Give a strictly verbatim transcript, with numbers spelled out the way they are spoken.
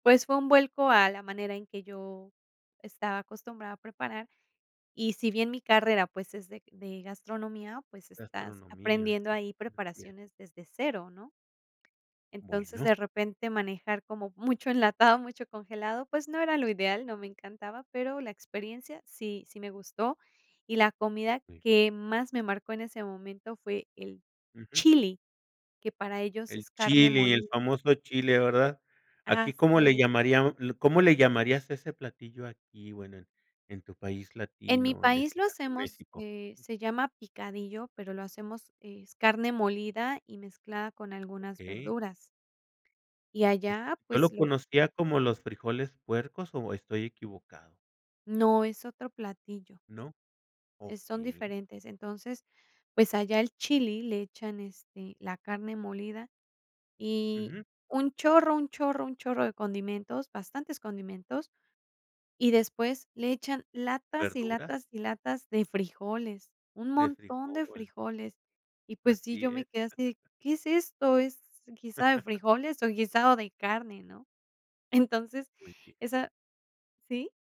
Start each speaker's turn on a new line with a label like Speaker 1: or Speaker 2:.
Speaker 1: Pues, fue un vuelco a la manera en que yo estaba acostumbrada a preparar. Y si bien mi carrera, pues, es de de gastronomía, pues, estás
Speaker 2: Gastronomía.
Speaker 1: aprendiendo ahí
Speaker 2: Así es.
Speaker 1: preparaciones desde cero, ¿no? Entonces,
Speaker 2: Bueno.
Speaker 1: de repente manejar como mucho enlatado, mucho congelado, pues, no era lo ideal, no me encantaba, pero la experiencia sí sí me gustó. Y la comida
Speaker 2: [unintelligible]
Speaker 1: que más me marcó en ese momento fue el
Speaker 2: Ujú.
Speaker 1: chili, que para ellos
Speaker 2: El
Speaker 1: es carne
Speaker 2: chili, el
Speaker 1: molida.
Speaker 2: famoso chile, ¿verdad? ¿Aquí cómo
Speaker 1: Así
Speaker 2: le
Speaker 1: es.
Speaker 2: llamaríam cómo le llamarías a ese platillo aquí, bueno, en en tu país
Speaker 1: En mi
Speaker 2: latino, en este
Speaker 1: país lo
Speaker 2: caso,
Speaker 1: hacemos,
Speaker 2: México?
Speaker 1: eh, se llama picadillo, pero lo hacemos es carne molida y mezclada con algunas
Speaker 2: Okey.
Speaker 1: verduras. Y
Speaker 2: Est
Speaker 1: allá,
Speaker 2: Yo
Speaker 1: pues,
Speaker 2: lo
Speaker 1: lo
Speaker 2: conocía como los frijoles puercos, ¿o estoy equivocado?
Speaker 1: No, es otro platillo.
Speaker 2: ¿No?
Speaker 1: Eh, son
Speaker 2: Okey.
Speaker 1: diferentes. Entonces, pues, allá el chili le echan, este, la carne molida y
Speaker 2: Ujú.
Speaker 1: un chorro, un chorro, un chorro de condimentos, bastantes condimentos, y después le echan latas, y
Speaker 2: ¿Verduras?
Speaker 1: latas, y latas de frijoles, un
Speaker 2: De
Speaker 1: montón de
Speaker 2: frijol.
Speaker 1: frijoles. Y, pues, sí,
Speaker 2: Así
Speaker 1: yo me
Speaker 2: es.
Speaker 1: quedé así de, ¿qué es esto? ¿Es guiso de frijoles o guisado de carne?, ¿no? Entonces,
Speaker 2: Muy bien.
Speaker 1: esa ¿Sí?